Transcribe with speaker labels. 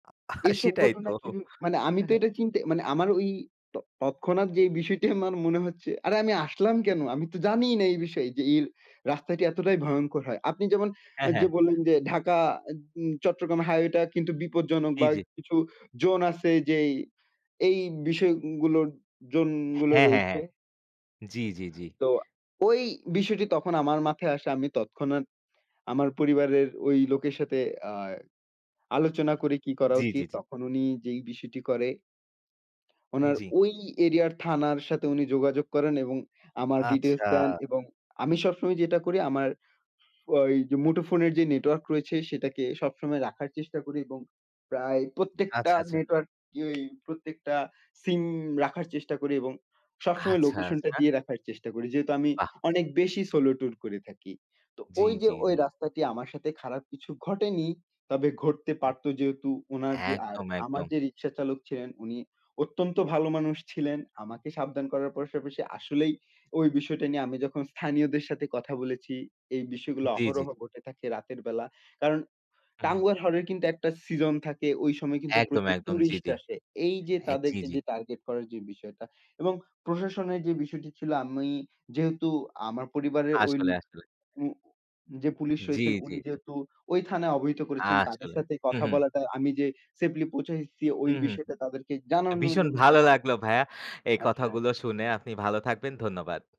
Speaker 1: এসব
Speaker 2: সেটাই তো
Speaker 1: ঘটনা কি ম মানে আমি
Speaker 2: অ্যা
Speaker 1: তো
Speaker 2: হ্যাঁ।
Speaker 1: এটা চিন্তা মানে আমার ওই ত তৎক্ষণাৎ যে বিষয়টি আমার মনে হচ্ছে, আরে আমি আসলাম কেনো? আমি তো জানিই না এই বিষয়ে যে এই রাস্তাটি এতটাই ভয়ংকর হয়! আপনি যেমন আ
Speaker 2: হ্যাঁ, হ্যাঁ।
Speaker 1: যে বললেন যে, ঢাকা আদ উন চট্টগ্রাম হাইওয়েটা কিন্তু বিপজ্জনক
Speaker 2: জি,
Speaker 1: বা এ
Speaker 2: জি।
Speaker 1: কিছু জোন আছে যেই এই বিষয়গুলোর জোন গুলো
Speaker 2: হ্যাঁ, হ্যাঁ,
Speaker 1: রয়েছে।
Speaker 2: হ্যাঁ। জি, জি, জি।
Speaker 1: তো, ওই বিষয়টি তখন আমার মাথায় আসে আমি তৎক্ষণাৎ আমার পরিবারের ওই লোকের সাথে আ আলোচনা করে কি করা
Speaker 2: জি, জি,
Speaker 1: উচিত?
Speaker 2: জি।
Speaker 1: তখন উনি যেই বিষয়টি করে। উনার
Speaker 2: জি।
Speaker 1: ওই এরিয়ার থানার সাথে উনি যোগাযোগ করেন এবং আমার ডিটেইলস দেন
Speaker 2: আচ্ছা।
Speaker 1: এবং আমি সবসময় যেটা করি আমার ওই দুমুঠো ফোনের যে নেটওয়র্ক রয়েছে, সেটাকে সবসময় রাখার চেষ্টা করি এবং প্রায় প্রত্যেকটা
Speaker 2: আচ্ছা, আচ্ছা।
Speaker 1: নেটওয়ার্ক এই প্রত্যেকটা সিম রাখার চেষ্টা করি এবং সবসময়
Speaker 2: আচ্ছা,
Speaker 1: লোকেশনটা
Speaker 2: আচ্ছা।
Speaker 1: দিয়ে রাখার চেষ্টা করি যেহেতু আমি
Speaker 2: বাহ!
Speaker 1: অনেক বেশি সোলো ট্যুর করে থাকি। তো
Speaker 2: জি,
Speaker 1: ওই যে
Speaker 2: জি,
Speaker 1: ওই
Speaker 2: জি।
Speaker 1: রাস্তাটি আমার সাথে খারাপ কিছু ঘটেনি, তবে ঘটতে
Speaker 2: উম
Speaker 1: পারতো যেহেতু উনার যে আ
Speaker 2: একদম,
Speaker 1: আমার
Speaker 2: একদম।
Speaker 1: যে রিক্সা চালক ছিলেন, উনি অত্যন্ত ভালো মানুষ ছিলেন আমাকে সাবধান করার পাশাপাশি আসলেই ওই বিষয়টা নিয়ে, আমি যখন স্থানীয়দের সাথে কথা বলেছি, এই বিষয়গুলো
Speaker 2: জি, জি।
Speaker 1: অহরহ ঘটে থাকে রাতের বেলা কারণ,
Speaker 2: হু, হু।
Speaker 1: টাঙ্গুয়ার হাওর এর কিন্তু একটা সিজন থাকে ওই সময় কিন্তু
Speaker 2: একদম,
Speaker 1: প্রচুর
Speaker 2: একদম। জি,
Speaker 1: ট্যুরিস্ট
Speaker 2: জি।
Speaker 1: আসে। এই যে
Speaker 2: এ জি,
Speaker 1: তাদেরকে
Speaker 2: জি।
Speaker 1: যে টার্গেট করার যে বিষয়টা এবং প্রশাসনের যে বিষয়টি ছিল, আমি যেহেতু আমার পরিবারে ওই
Speaker 2: আসলে, আসলে।
Speaker 1: উম যে পুলিশ
Speaker 2: জি,
Speaker 1: রয়েছেন,
Speaker 2: জি,
Speaker 1: উনি
Speaker 2: জি।
Speaker 1: যেহেতু ওই থানায় অবহিত করেছেন, তাদের
Speaker 2: আসলে,
Speaker 1: সাথে
Speaker 2: হু,
Speaker 1: কথা
Speaker 2: হু।
Speaker 1: বলাটা আমি যে সেফলি পৌঁছাইছি
Speaker 2: হু,
Speaker 1: ওই
Speaker 2: হু।
Speaker 1: বিষয়টা তাদেরকে
Speaker 2: তো
Speaker 1: জানানোর
Speaker 2: ভীষণ
Speaker 1: জন্য
Speaker 2: ভালো
Speaker 1: তখন
Speaker 2: লাগলো ভাইয়া এই
Speaker 1: আচ্ছা।
Speaker 2: কথাগুলো শুনে আপনি ভালো থাকবেন ধন্যবাদ।